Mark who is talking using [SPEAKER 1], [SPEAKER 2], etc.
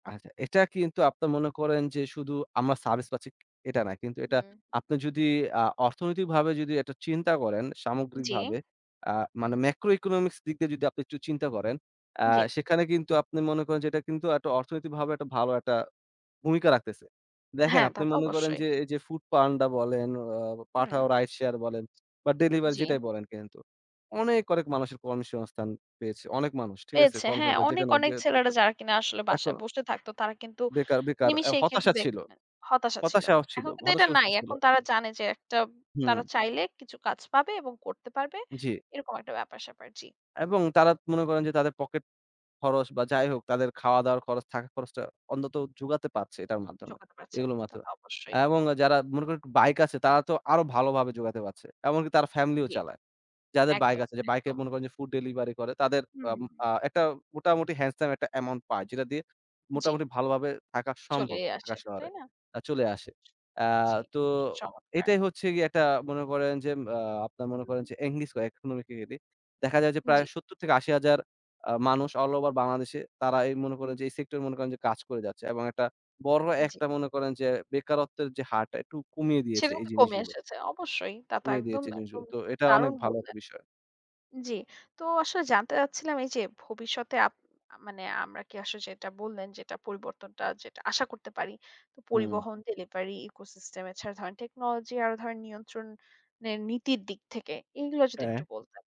[SPEAKER 1] আচ্ছা এটা কিন্তু আপনে মনে করেন যে শুধু আমরা সার্ভিস পাচ্ছি এটা না। কিন্তু এটা
[SPEAKER 2] হুম।
[SPEAKER 1] আপনি যদি আ অর্থনৈতিকভাবে যদি এটা চিন্তা করেন
[SPEAKER 2] জী।
[SPEAKER 1] সামগ্রিকভাবে আ মানে
[SPEAKER 2] হুম।
[SPEAKER 1] macro economics দিক দিয়ে যদি আপনি একটু চিন্তা করেন, আ
[SPEAKER 2] জ্বী।
[SPEAKER 1] সেখানে কিন্তু আপনি মনে করেন যে এটা কিন্তু একটা অর্থনৈতিকভাবে একটা ভালো একটা ভূমিকা রাখতেছে। দেখেন
[SPEAKER 2] হ্যাঁ, তা
[SPEAKER 1] আপনি
[SPEAKER 2] তো
[SPEAKER 1] মনে করেন
[SPEAKER 2] অবশ্যই।
[SPEAKER 1] যে এই যে Foodpanda বলেন, আ
[SPEAKER 2] হুম।
[SPEAKER 1] Pathao রাইড শেয়ার বলেন বা ডেলিভারি
[SPEAKER 2] জি।
[SPEAKER 1] যেটাই বলেন কিন্তু অনেক, অনেক মানুষের কর্মসংস্থান পেয়েছে। অনেক মানুষ ঠিক আছে
[SPEAKER 2] পেয়েছে। হ্যাঁ
[SPEAKER 1] কর্মসংস্থান
[SPEAKER 2] অনেক,
[SPEAKER 1] যেখানে
[SPEAKER 2] অনেক
[SPEAKER 1] বে
[SPEAKER 2] ছেলেরা
[SPEAKER 1] বেকার
[SPEAKER 2] যারা কিনা আসলে বাসায়
[SPEAKER 1] এখনো
[SPEAKER 2] বসে থাকতো তারা কিন্তু
[SPEAKER 1] বেকার, বেকার। আ
[SPEAKER 2] নিমেষেই কিন্তু
[SPEAKER 1] হতাশা ছিল।
[SPEAKER 2] [unintelligible] হতাশা ছিল।
[SPEAKER 1] হতাশাও ছিল,
[SPEAKER 2] এখন কিন্তু এটা
[SPEAKER 1] হতাশাগ্রস্ত
[SPEAKER 2] নাই।
[SPEAKER 1] ছিল।
[SPEAKER 2] এখন তারা জানে যে একটা তারা
[SPEAKER 1] হুম।
[SPEAKER 2] চাইলে কিছু কাজ পাবে এবং করতে পারবে।
[SPEAKER 1] জ্বি।
[SPEAKER 2] এরকম একটা ব্যাপার স্যাপার জি।
[SPEAKER 1] এবং তারা মনে করেন যে তাদের পকেট খরচ বা যাই
[SPEAKER 2] হুম।
[SPEAKER 1] হোক তাদের খাওয়া দাওয়ার খরচ থাকা খরচটা অন্তত জোগাতে পারছে এটার মাধ্যমে।
[SPEAKER 2] জোগাতে পারছে,
[SPEAKER 1] এগুলোর
[SPEAKER 2] তা
[SPEAKER 1] মাধ্যমে।
[SPEAKER 2] তো অবশ্যই।
[SPEAKER 1] এবং যারা মনে করেন Bike আছে তারা তো আরো ভালোভাবে জোগাতে পারছে। এমনকি তারা ফ্যামিলিও
[SPEAKER 2] জ্বী।
[SPEAKER 1] চালায়। যাদের Bike
[SPEAKER 2] একদম,
[SPEAKER 1] আছে, যে Bike-এ
[SPEAKER 2] একদম।
[SPEAKER 1] মনে করেন যে food delivery করে তাদের আ
[SPEAKER 2] হুম।
[SPEAKER 1] আ একটা মোটামুটি handsome একটা অ্যামাউন্ট পায়। যেটা দিয়ে
[SPEAKER 2] জ্বি।
[SPEAKER 1] মোটামুটি ভালোভাবে থাকা সম্ভব
[SPEAKER 2] চলেই আসে,
[SPEAKER 1] ঢাকা
[SPEAKER 2] তাই
[SPEAKER 1] শহরে।
[SPEAKER 2] না?
[SPEAKER 1] চলে আসে। আ
[SPEAKER 2] জ্বী,
[SPEAKER 1] তো
[SPEAKER 2] চমৎকার।
[SPEAKER 1] এটাই হচ্ছে গিয়ে একটা মনে করেন যে আ আপনারা মনে করেন
[SPEAKER 2] হুম।
[SPEAKER 1] যে এনগেজ হয় economically দেখা যায় যে প্রায়
[SPEAKER 2] জ্বি।
[SPEAKER 1] ৭০-৮০,০০০ আ মানুষ অল ওভার বাংলাদেশে তারা এই মনে
[SPEAKER 2] হু।
[SPEAKER 1] করেন যে এই সেক্টরে মনে করেন যে কাজ করে যাচ্ছে। এবং একটা বড়
[SPEAKER 2] জ্বি।
[SPEAKER 1] একটা মনে করেন যে বেকারত্বের যে হারটা একটু কমিয়ে
[SPEAKER 2] সেটা
[SPEAKER 1] দিয়েছে এই
[SPEAKER 2] কিন্তু কমে
[SPEAKER 1] জিনিসগুলো।
[SPEAKER 2] এসেছে। অবশ্যই, তা তো
[SPEAKER 1] কমিয়ে
[SPEAKER 2] একদম,
[SPEAKER 1] দিয়েছে জিনিসগুলো।
[SPEAKER 2] একদম
[SPEAKER 1] তো
[SPEAKER 2] খুব
[SPEAKER 1] এটা অনেক
[SPEAKER 2] দারুণ
[SPEAKER 1] ভালো একটা
[SPEAKER 2] বললেন।
[SPEAKER 1] বিষয়।
[SPEAKER 2] জ্বি। তো আসলে জানতে চাচ্ছিলাম এই যে ভবিষ্যতে আপ আ মানে আমরা কি আসলে যেটা বললেন যেটা পরিবর্তনটা, আশা করতে পারি। তো
[SPEAKER 1] হুম।
[SPEAKER 2] পরিবহন, delivery, echo system এছাড়া ধরেন technology আরো ধরনের নিয়ন্ত্রণ এর নীতির দিক থেকে এগুলো যদি
[SPEAKER 1] হ্যাঁ।
[SPEAKER 2] একটু বলতেন।